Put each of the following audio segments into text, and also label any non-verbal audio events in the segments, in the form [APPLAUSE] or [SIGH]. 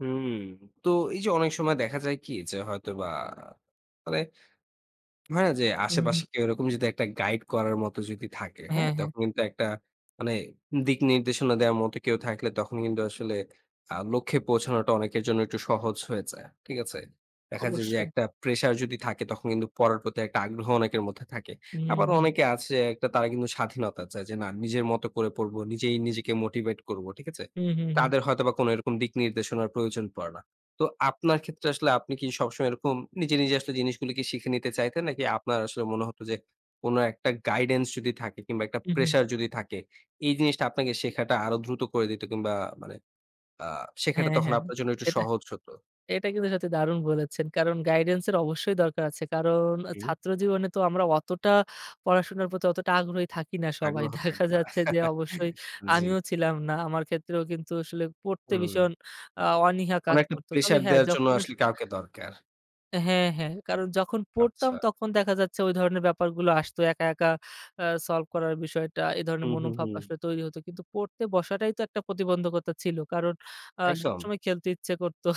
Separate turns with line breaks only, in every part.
হুম। তো এই যে, অনেক সময় দেখা যায় কি যে, হয়তো বা ফলে হয় না যে,
হু,
আশেপাশে
হুম।
কেউ এরকম যদি একটা গাইড করার মতো যদি থাকে, হ্যাঁ?
হ্যাঁ, হ্যাঁ।
তখন কিন্তু একটা মানে দিক নির্দেশনা দেওয়ার মতো কেউ থাকলে তখন কিন্তু আসলে আ লক্ষ্যে পৌঁছানোটা অনেকের জন্য একটু সহজ হয়ে যায়। ঠিক আছে? দেখা যায় যে,
অবশ্যই।
একটা প্রেশার যদি থাকে, তখন কিন্তু পড়ার প্রতি একটা আগ্রহ অনেকের মধ্যে থাকে। আবার
হুম।
অনেকে আছে একটা তারা কিন্তু স্বাধীনতা চায়। যে না নিজের মত করে পড়ব। নিজেই, নিজেকে মোটিভেট করব। ঠিক আছে?
হু, হু, হুম।
তাদের হয়তোবা কোন এরকম দিক নির্দেশনার প্রয়োজন পড়ে না। তো আপনার ক্ষেত্রে আসলে আপনি কি সবসময় এরকম নিজে, নিজে আসলে জিনিসগুলো কি শিখে নিতে চাইতেন, নাকি আপনার আসলে মনে হত যে কোন একটা গাইডেন্স যদি থাকে কিংবা একটা
উহু।
প্রেশার যদি থাকে, এই জিনিসটা আপনাকে শেখাটা আরো দ্রুত করে দিত কিংবা মানে আ শেখাটা
হ্যাঁ,
তখন
হ্যাঁ।
আপনার জন্য একটু
এটা
সহজ হত।
এটা কিন্তু সত্যি দারুণ বলেছেন। কারণ গাইডেন্সের অবশ্যই দরকার আছে। কারণ
হুম।
ছাত্র জীবনে তো আমরা অতটা পড়াশোনার প্রতি অতটা আগ্রহী থাকি না সবাই।
আগ্রহ
দেখা
থাকতে পারে।
যাচ্ছে যে
[LAUGHS]
অবশ্যই
জি।
আমিও ছিলাম না। আমার ক্ষেত্রেও কিন্তু আসলে পড়তে
হুম।
ভীষণ আ অনীহা কাজ
অনেকটা
করত। তবে
প্রেশার
হ্যাঁ,
দেয়ার জন্য
যখন আসলে
আসলে কাউকে দরকার।
হ্যাঁ, হ্যাঁ। কারণ যখন পড়তাম,
আচ্ছা।
তখন দেখা যাচ্ছে, ওই ধরনের ব্যাপারগুলো আসত। একা, একা আ সলভ করার বিষয়টা, এই
হু,
ধরনের
হু,
মনোভাব
হুম।
আসলে তৈরি হত। কিন্তু পড়তে বসাটাই তো একটা প্রতিবন্ধকতা ছিল। কারণ আ
একদম।
সবসময় খেলতে ইচ্ছে করতো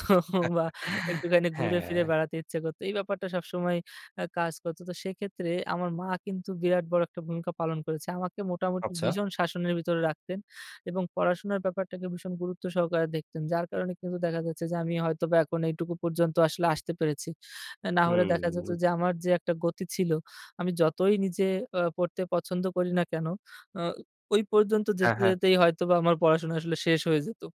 বা
[LAUGHS]
একটুখানি ঘুরে ফিরে
হ্যাঁ।
বেড়াতে ইচ্ছা করত। এই ব্যাপারটা সবসময় আ কাজ করত। তো সেক্ষেত্রে আমার মা কিন্তু বিরাট বড় একটা ভূমিকা পালন করেছে। আমাকে মোটামুটি
আচ্ছা।
ভীষণ শাসনের ভিতরে রাখতেন। এবং পড়াশোনার ব্যাপারটাকে ভীষণ গুরুত্ব সহকারে দেখতেন। যার কারণে কিন্তু দেখা যাচ্ছে যে, আমি হয়তোবা এখন এইটুকু পর্যন্ত আসলে আসতে পেরেছি। না হলে দেখা যেত
হুম।
যে, আমার যে একটা গতি ছিল, আমি যতই নিজে অ পড়তে পছন্দ করি না কেন, আ ওই পর্যন্ত
হ্যাঁ,
যেতে,
হ্যাঁ।
যেতেই হয়তোবা আমার পড়াশোনা আসলে শেষ হয়ে যেত।